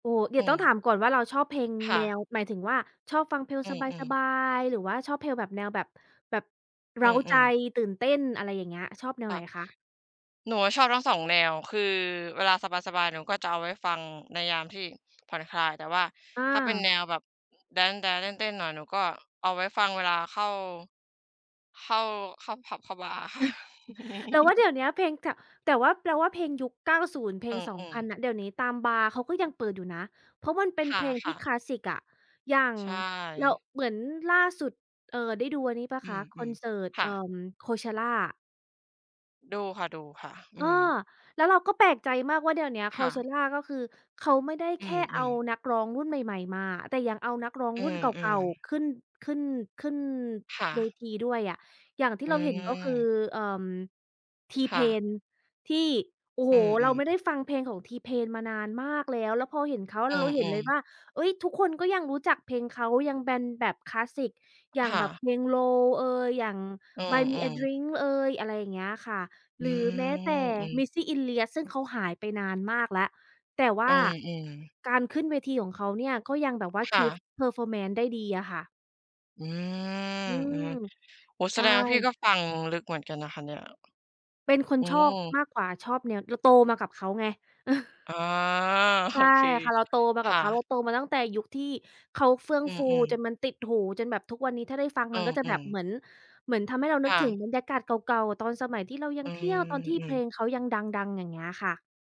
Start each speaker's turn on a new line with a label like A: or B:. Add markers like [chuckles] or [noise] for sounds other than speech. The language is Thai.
A: โอ้ เดี
B: อ
A: ๋
B: ื
A: ยวต้อง
B: ม
A: ถามก่อนว่า เราชอบเพลง
B: ค่
A: แน
B: ะ
A: ว หมายถึงว่า ชอบฟังเพลง
B: อื
A: ส
B: ม ๆ
A: บาย ๆ หรือว่าชอบเพลง แบบแนวแบบ แบบเ
B: อ
A: ร
B: ื
A: ้าใจ
B: ม ๆ
A: ตื่นเต้นอะไรอย่างเงี้ย ชอบแนว
B: ค
A: ไ
B: ่
A: หน
B: ะ
A: คะ?
B: หนูอะชอบทั้ง 2 แนว คือเวลาสบาย ๆ หนูก็จะเอาไว้ฟังในยามที่ผ่อนคลาย แต่ว่า
A: อ
B: ถ้าเป็น
A: า
B: แนวแบบแดนซ์ ๆ เต้น ๆ หน่อย หนูก็เอาไว้ฟังเวลาเข้า เข้า เข้าผับบาร์อะค่ะ
A: [chuckles] เราว่า
B: [chuckles]
A: เดี๋ยวเนี้ยเพลง ก แต่ว่าเราว่าเพลงยุค 90 เพล
B: อ
A: ง สอง
B: ื
A: พ
B: อ
A: ัน
B: ๆ
A: น่ะ เดี๋ยวนี้ตามบาร์เขาก็ยังเปิดอยู่นะ เพราะมันเป็น
B: ค
A: เพลงที
B: ่
A: ่
B: ะ
A: ค
B: ๆ
A: ลาสสิกอะ อย่าง
B: ใช
A: เรา
B: ่
A: เหมือนล่าสุด เออ ได้ดูอันนี้เปล่า
B: อ
A: ค
B: ื
A: ะ? คอน
B: ม
A: เสิร์ต
B: ๆ ค
A: เอ
B: ่
A: ่
B: ะ
A: อ Coachella
B: ดูค่ะ ดูค่ะ อ
A: เอ
B: ื
A: อ
B: ม
A: แล้วเราก็แปลกใจมากว่า เดี๋ยวเนี้ย
B: ค่ะ
A: Coachella ก็คือเขาไม่ได้
B: อ
A: แ
B: ื
A: ค่เอา
B: ม ๆ
A: นักร้องรุ่นใหม่ ๆ มา แต่ยังเอานักร้อง
B: อื
A: รุ่นเก่า
B: ม ๆ
A: ๆ ขึ้น ขึ้น ขึ้น
B: ค่
A: เว
B: ะ
A: ทีด้วยอะ อย่างที่
B: อื
A: เราเห็นก็คือ
B: ม
A: เอิ่ม
B: ค่ะ
A: T-Pain ที่ โอ้โ
B: อ
A: ฮ
B: ื
A: เรา
B: ม
A: ไ
B: ๆ
A: ม่ได้ฟังเพลงของ T-Pain มานานมากแล้ว แล้วพอเห็นเขา
B: อ
A: แล
B: ื
A: ้วเราเห็นเ
B: ม
A: ลย
B: ๆ
A: ว่า เอ๊ย ทุกคนก็ยังรู้จักเพลงเขายังแบนแบบคลาสสิก อย่า
B: ค
A: ง
B: ่
A: แบ
B: ะ
A: บเพลง Low เอย อย่าง
B: อื
A: ฺBuy me a
B: ม ๆ
A: drink เอย อะไรอย่างเงี้ยค่ะ
B: อ
A: ห
B: ื
A: รือแม้แต
B: ม
A: ่
B: อืม
A: Missy Elliott ซึ่งเขาหายไปนานมากแล้ว แต่ว
B: อื
A: ่า
B: ม ๆ
A: การขึ้นเวทีของเขาเนี่ยก็ยังแบบว่า
B: ค่
A: keep
B: ะ
A: performance ได้ดีอะค่ะ
B: อืม
A: อื
B: อื
A: ม
B: ม โอ้โฮ
A: ใ
B: แ
A: ช
B: สดงว่าพี่
A: ่
B: ก็ฟังลึกเหมือนกันนะคะเนี่ย
A: เป็นคน
B: อื
A: ชอบ
B: ม
A: มากกว่าชอบแนว เราโตมากับเขาไง เออ
B: อ๋อ
A: ใช
B: โอ
A: ่
B: เค
A: ค่ะ เราโตมา
B: ค
A: กับ
B: ่
A: เขา เรา
B: ะ
A: โตมาตั้งแต่ยุคที่เขาเฟื่อง
B: อื
A: ฟู
B: ม
A: จ
B: ๆ
A: นมันติดหู จนแบบทุกวันนี้ ถ้าได้ฟัง
B: อ
A: มันก็จะ
B: ื
A: แบบ
B: ม ๆ
A: เหมือน เหมือนทำให้เราน
B: ค
A: ึก
B: ่
A: ถึ
B: ะ
A: งบรรยากาศเก่า ๆ ตอนสมัยที่เรายั
B: อื
A: งเที
B: ม
A: ่ยว ตอนที่
B: อื
A: เพล
B: ม
A: งเขายังดัง ๆ อย่างเงี้ยอะค่ะ